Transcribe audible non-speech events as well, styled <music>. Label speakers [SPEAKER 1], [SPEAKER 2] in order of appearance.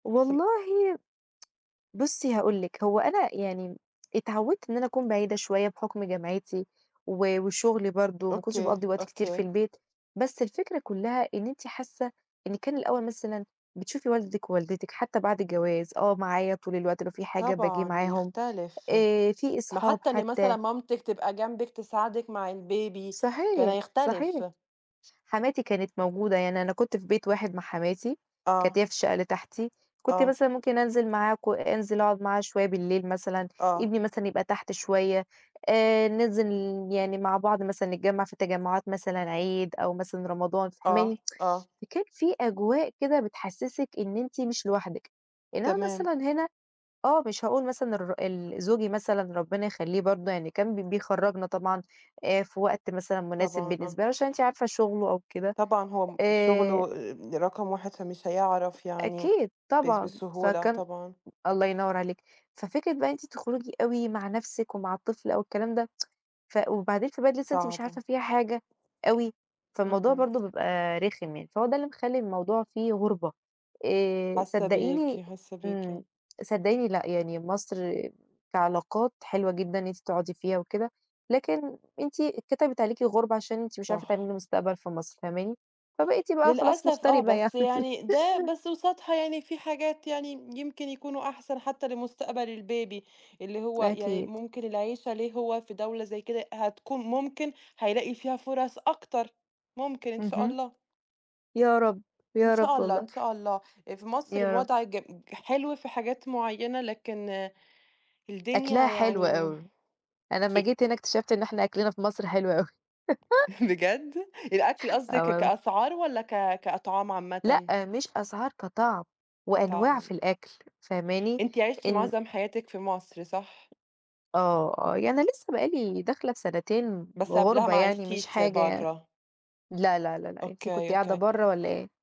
[SPEAKER 1] <unintelligible>
[SPEAKER 2] والله <tsk> بُصّي هاقول لِك هو أنا يعني اتعودت إن أنا أكون بعيدة شوية بحُكم جامعتي و وشغلي برضه، ما كنتش
[SPEAKER 1] أوكي،
[SPEAKER 2] باقضي وقت كتير في
[SPEAKER 1] أوكي.
[SPEAKER 2] البيت. بس الفكرة كلّها إن أنتِ حاسة إن كان الأول مثلًا بتشوفي والدِك ووالدتِك حتى بعد الجواز، آه معايا طول الوقت لو في حاجة باجي
[SPEAKER 1] طبعًا
[SPEAKER 2] معاهم،
[SPEAKER 1] يختلف.
[SPEAKER 2] آآ فيه
[SPEAKER 1] ما
[SPEAKER 2] أصحاب
[SPEAKER 1] حتى إن مثلًا
[SPEAKER 2] حتى.
[SPEAKER 1] مامتِك تبقى جنبِك تساعدِك مع الbaby كان
[SPEAKER 2] صحيح، صحيح.
[SPEAKER 1] هيختلف.
[SPEAKER 2] حماتي كانت موجودة، يعني أنا كنت في بيت واحد مع حماتي،
[SPEAKER 1] آه.
[SPEAKER 2] كانت هي في الشقة اللي تحتي، كنت
[SPEAKER 1] آه.
[SPEAKER 2] مثلًا ممكن أنزل معاها ك أنزل أقعد معاها شوية بالليل مثلًا،
[SPEAKER 1] آه.
[SPEAKER 2] ابني مثلًا يبقى تحت شوية، آآ ننزِل يعني مع بعض مثلًا نتجمع في تجمعات مثلًا عيد أو مثلًا رمضان،
[SPEAKER 1] آه،
[SPEAKER 2] فاهماني؟ <tsk>
[SPEAKER 1] آه.
[SPEAKER 2] فكان فيه أجواء كده بتحسسِك إن أنتِ مش لوحدِك، إنما
[SPEAKER 1] تمام.
[SPEAKER 2] مثلًا هنا آه مش هاقول مثلًا الر ال زوجي مثلًا ربنا يخلّيه برضه يعني كان ب بيخرجنا طبعًا آآ في وقت مثلًا مناسب
[SPEAKER 1] طبعًا آه.
[SPEAKER 2] بالنسبة له عشان أنتِ عارفة شغله أو كده.
[SPEAKER 1] طبعًا هو م شغله
[SPEAKER 2] آآ
[SPEAKER 1] آآ رقم 1 فمش هيعرف يعني
[SPEAKER 2] أكيد
[SPEAKER 1] بس
[SPEAKER 2] طبعًا،
[SPEAKER 1] بسهولة
[SPEAKER 2] فكان
[SPEAKER 1] طبعًا.
[SPEAKER 2] الله ينور عليكِ. ففكرة بقى إن أنتِ تخرجي أوي مع نفسِك ومع الطفل أو الكلام ده، <tsk> ف وبعدين في بلد أنتِ لسه أنتِ مش
[SPEAKER 1] صعبة.
[SPEAKER 2] عارفة فيها حاجة أوي، فالموضوع
[SPEAKER 1] اهم.
[SPEAKER 2] برضه بيبقى رخم يعني، فهو ده اللي مخلّي الموضوع فيه غربة. آآ
[SPEAKER 1] حاسة بيكِ،
[SPEAKER 2] صدقيني
[SPEAKER 1] حاسة بيكِ.
[SPEAKER 2] امم، صدقيني لأ يعني مصر كعلاقات حلوة جدًا إن أنتِ تقعدي فيها وكده، لكن أنتِ اتكتبِت عليكِ غربة عشان أنتِ مش عارفة
[SPEAKER 1] صح.
[SPEAKER 2] تعملي مستقبل في مصر، فاهماني؟ فبقيتِ بقى خلاص
[SPEAKER 1] للأسف آه،
[SPEAKER 2] مغتربة يعني.
[SPEAKER 1] بس
[SPEAKER 2] <laughs>
[SPEAKER 1] يعني ده بس قصادها يعني في حاجات يعني يمكن يكونوا أحسن حتى لمستقبل الbaby اللي هو يعني
[SPEAKER 2] أكيد.
[SPEAKER 1] ممكن العيشة ليه هو في دولة زي كده، هتكون ممكن هيلاقي فيها فرص أكتر، ممكن إن شاء
[SPEAKER 2] اهم.
[SPEAKER 1] الله.
[SPEAKER 2] يا رب،
[SPEAKER 1] إن
[SPEAKER 2] يا
[SPEAKER 1] شاء
[SPEAKER 2] رب
[SPEAKER 1] الله،
[SPEAKER 2] والله.
[SPEAKER 1] إن شاء الله. آآ، في مصر
[SPEAKER 2] يا رب.
[SPEAKER 1] الوضع ج ج حلو في حاجات معيّنة، لكن،
[SPEAKER 2] أكلها
[SPEAKER 1] الدنيا
[SPEAKER 2] حلو
[SPEAKER 1] يعني امم،
[SPEAKER 2] أوي. أنا
[SPEAKER 1] أ
[SPEAKER 2] لمّا جيت هنا اكتشفت إن إحنا أكلنا في مصر حلو أوي. <laughs>
[SPEAKER 1] <chuckles> بجد؟ الأكل
[SPEAKER 2] <chuckles>
[SPEAKER 1] قصدِك
[SPEAKER 2] آه
[SPEAKER 1] ك
[SPEAKER 2] والله.
[SPEAKER 1] كأسعار والّا ك كأطعام عامةً؟
[SPEAKER 2] لأ مش أسعار، كطعم، وأنواع في
[SPEAKER 1] كطعم.
[SPEAKER 2] الأكل، فاهماني؟
[SPEAKER 1] أنتِ عِشتِ
[SPEAKER 2] إن
[SPEAKER 1] معظم حياتِك في مصر، صح؟
[SPEAKER 2] آه، آه، يعني أنا لسه بقى لي داخلة في سنتين
[SPEAKER 1] بس قبلها
[SPEAKER 2] غُربة
[SPEAKER 1] ما
[SPEAKER 2] يعني مش
[SPEAKER 1] عِشتيش
[SPEAKER 2] حاجة يعني.
[SPEAKER 1] برّه.
[SPEAKER 2] لأ، لا، لا، لا، أنتِ كنتِ
[SPEAKER 1] أوكي،
[SPEAKER 2] قاعدة
[SPEAKER 1] أوكي.
[SPEAKER 2] برّه والّا إيه؟